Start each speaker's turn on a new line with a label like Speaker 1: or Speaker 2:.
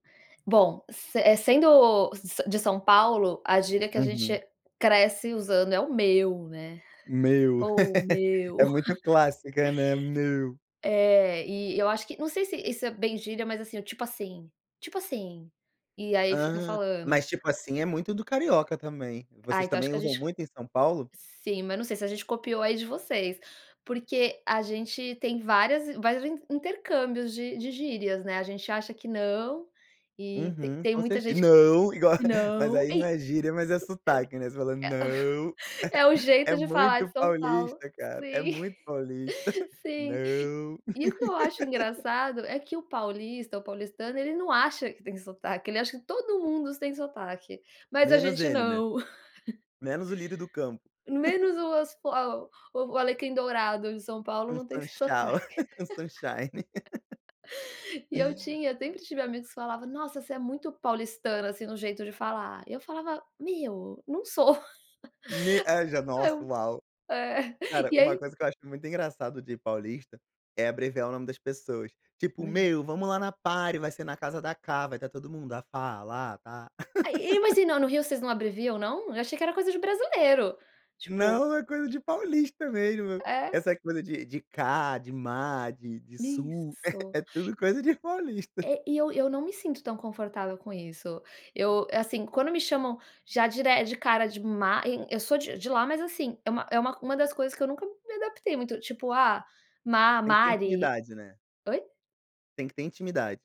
Speaker 1: Bom, se eh, sendo sa de São Paulo, a gíria que a
Speaker 2: Uhum.
Speaker 1: gente cresce usando é o "meu", né?
Speaker 2: Meu,
Speaker 1: Ou "meu".
Speaker 2: é muito clássica, né. "Meu".
Speaker 1: É, e eu acho que não sei se isso é bem gíria mas, assim, o "tipo assim", "tipo assim", e aí fica
Speaker 2: Ah,
Speaker 1: falando.
Speaker 2: mas tipo assim, muito do carioca também.
Speaker 1: Ah,
Speaker 2: Vocês
Speaker 1: então acho
Speaker 2: também
Speaker 1: que a
Speaker 2: usam
Speaker 1: gente
Speaker 2: muito em São Paulo?
Speaker 1: sim, mas não sei se a gente copiou aí de vocês, porque a gente tem várias vários inter intercâmbios de de gírias, né, a gente acha que não, e
Speaker 2: Uhum,
Speaker 1: tem
Speaker 2: com
Speaker 1: muita
Speaker 2: certe
Speaker 1: gente,
Speaker 2: "não" igual,
Speaker 1: que
Speaker 2: mas
Speaker 1: não,
Speaker 2: aí não
Speaker 1: e,
Speaker 2: é gíria, mas é sotaque não você fala "não"
Speaker 1: é, é o
Speaker 2: é
Speaker 1: jeito de falar
Speaker 2: muito
Speaker 1: de São Paulo,
Speaker 2: paulista cara, é
Speaker 1: sim,
Speaker 2: muito paulista,
Speaker 1: sim.
Speaker 2: "Não".
Speaker 1: E o que eu acho engraçado é que o paulista, o paulistano, ele não acha que tem sotaque, acha que todo mundo tem sotaque. Mas a
Speaker 2: Menos
Speaker 1: gente
Speaker 2: ele não é?
Speaker 1: não.
Speaker 2: Menos o lírio do campo.
Speaker 1: Menos o as fo o Alecrim Dourado em São Paulo
Speaker 2: Um
Speaker 1: não tem esse
Speaker 2: Sunshau,
Speaker 1: sotaque.
Speaker 2: um sunshine.
Speaker 1: E eu tinha sempre tive amigos que falavam: "Nossa você é muito paulistano, assim, no jeito de falar". E eu falava: "Meu, não sou".
Speaker 2: Me já a nossa,
Speaker 1: Eu
Speaker 2: uau.
Speaker 1: é
Speaker 2: Cara,
Speaker 1: e
Speaker 2: uma
Speaker 1: aí
Speaker 2: coisa que eu acho muito engraçado de paulista, é abreviar o nome das pessoas. Tipo:
Speaker 1: [unintelligible]
Speaker 2: "Meu, vamos lá na party, vai ser na casa da Cá, vai estar todo mundo, ah, Fa, a Ta, a La."
Speaker 1: E, mas e não no Rio vocês não abreviam não? Eu achei que era coisa de brasileiro. Tipo.
Speaker 2: Não, é coisa de paulista mesmo,
Speaker 1: É?
Speaker 2: essa coisa de de Cá, de Ma, de de Su,
Speaker 1: Isso.
Speaker 2: é tudo coisa de paulista.
Speaker 1: É, e eu eu não me sinto tão confortável com isso. Eu, assim, quando me chamam já dere cara de Ma, eu sou de de lá mas assim, é uma é uma uma das coisas que eu nunca me adaptei muito, tipo: "Ah, Ma,
Speaker 2: Tem que ter
Speaker 1: Mari".
Speaker 2: intimidade, né?
Speaker 1: Oi?
Speaker 2: Tem que ter intimidade.